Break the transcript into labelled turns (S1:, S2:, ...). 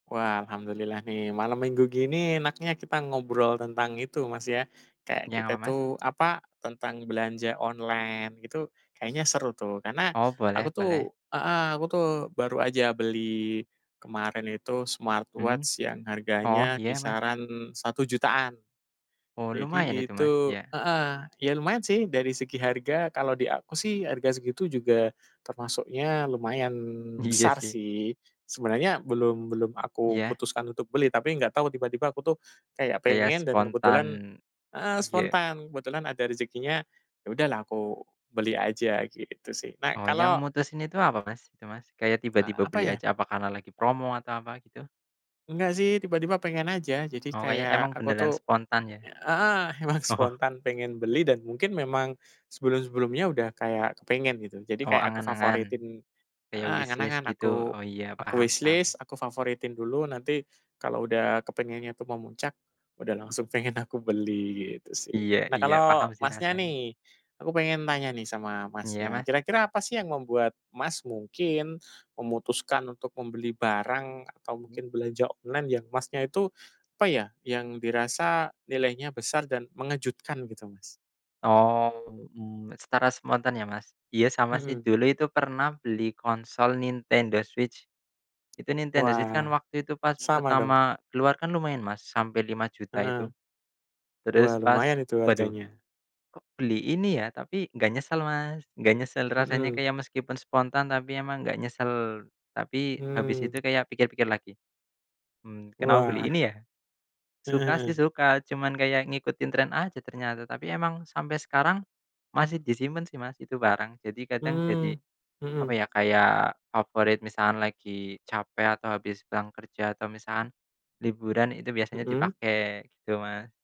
S1: Wah, alhamdulillah nih, malam minggu gini enaknya kita ngobrol tentang itu, Mas, ya, kayak
S2: Jangan
S1: kita
S2: apa, Mas?
S1: tuh, apa, tentang belanja online itu kayaknya seru tuh, karena
S2: Oh,
S1: aku
S2: boleh
S1: tuh
S2: boleh.
S1: heeh, aku tuh baru aja beli kemarin itu
S2: Hmm.
S1: smartwatch yang
S2: Oh,
S1: harganya
S2: iya, Mas.
S1: kisaran Rp1.000.000-an.
S2: Oh, lumayan
S1: Jadi
S2: itu, Mas,
S1: itu
S2: ya.
S1: heeh, ya lumayan sih, dari segi harga kalau di aku sih harga segitu juga termasuknya lumayan
S2: Iya,
S1: besar,
S2: sih.
S1: sih. Sebenernya belum belum aku
S2: Iya.
S1: putuskan untuk beli, tapi nggak tau tiba-tiba aku tuh kayak
S2: Kayak
S1: pengen dan
S2: spontan.
S1: kebetulan heeh,
S2: Ya.
S1: spontan, kebetulan ada rezekinya, ya udah lah aku beli aja, gitu sih. Nah,
S2: Oh, yang
S1: kalau
S2: mutusin itu apa, Mas, itu, Mas? Kayak
S1: Eee,
S2: tiba-tiba
S1: apa
S2: beli
S1: ya?
S2: aja apa karena lagi promo atau apa gitu?
S1: Enggak sih tiba-tiba pengen aja. Jadi
S2: Oh, kayak
S1: kayak
S2: emang
S1: aku
S2: beneran
S1: tuh
S2: spontan, ya.
S1: heeh, emang
S2: Oh.
S1: spontan pengen beli dan mungkin memang sebelum-sebelumnya udah kayak kepengen, gitu. Jadi
S2: Oh,
S1: kayak aku
S2: angan-angan?
S1: favoritin
S2: Kayak
S1: heeh,
S2: wishlist
S1: angan-angan,
S2: gitu.
S1: aku
S2: Oh, iya,
S1: aku
S2: paham paham.
S1: wishlist, aku favoritin dulu, nanti kalau udah kepengennya itu memuncak, udah langsung pengen aku beli, gitu sih.
S2: Iya
S1: Nah,
S2: iya.
S1: kalau
S2: Paham sih
S1: Masnya
S2: rasanya.
S1: nih, aku pengen tanya nih sama
S2: Iya,
S1: Masnya,
S2: Mas.
S1: kira-kira apa sih yang membuat, Mas, mungkin memutuskan untuk membeli barang atau
S2: Mmm.
S1: mungkin belanja online yang Masnya itu, apa ya, yang dirasa nilainya besar dan mengejutkan gitu, Mas?
S2: Oh, mmm, secara spontan ya, Mas? Iya, sama sih
S1: Mhm.
S2: dulu itu pernah beli konsol Nintendo Switch. Itu Nintendo Switch
S1: Wah,
S2: kan waktu itu pas
S1: sama dong.
S2: pertama keluar kan lumayan, Mas, sampai Rp5.000.000
S1: Heeh.
S2: itu.
S1: Wah,
S2: Terus pas,
S1: lumayan itu
S2: "Waduh,
S1: harganya.
S2: kok beli ini ya," tapi nggak nyesel, Mas, nggak nyesel rasanya
S1: Mhm.
S2: kayak meskipun spontan tapi emang nggak nyesel, tapi habis
S1: Hmm.
S2: itu kayak pikir-pikir lagi, "Hmm, kenapa
S1: Wah.
S2: beli ini ya?"
S1: Heeh
S2: Suka sih
S1: heeh.
S2: suka, cuman kayak ngikutin trend aja ternyata. Tapi emang sampai sekarang masih disimpen sih, Mas, itu barang, jadi kadang
S1: Mmm,
S2: jadi, apa
S1: mhm.
S2: ya, kayak favorit misalkan lagi capek atau habis pulang kerja atau misalkan liburan itu biasanya
S1: Mhm.
S2: dipakai, gitu, Mas.